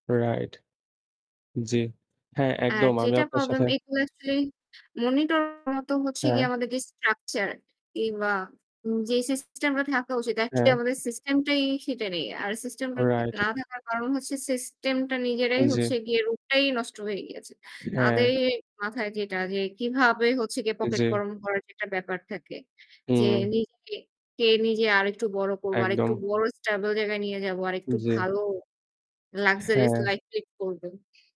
Right। জি। হ্যাঁ, আর একদম আমি যেটা আপনার problem, সাথে এইগুলা actually monitor মতো হচ্ছে গিয়ে হ্যাঁ। আমাদের যে structure কিংবা উম যেই system-টা থাকা উচিত actually হ্যাঁ। আমাদের system-টাই সেটা নেই। আর system-টা তা Right। না থাকার কারণ হচ্ছে system-টা নিজেরাই অ্যা জি। হচ্ছে গিয়ে রূপটাই নষ্ট হয়ে গিয়েছে, তাদে হ্যাঁ। মাথায় যেটা যে, কিভাবে হচ্ছে গিয়ে pocket জি। গরম করার যে একটা ব্যাপার থাকে যে, হুম। "নিজেকে কে নিজে আরেকটু বড় করব, আরেকটু একদম। বড় stable জায়গায় নিয়ে যাব, আরেকটু জি। ভালো luxurious হ্যাঁ। life lead করবেন।"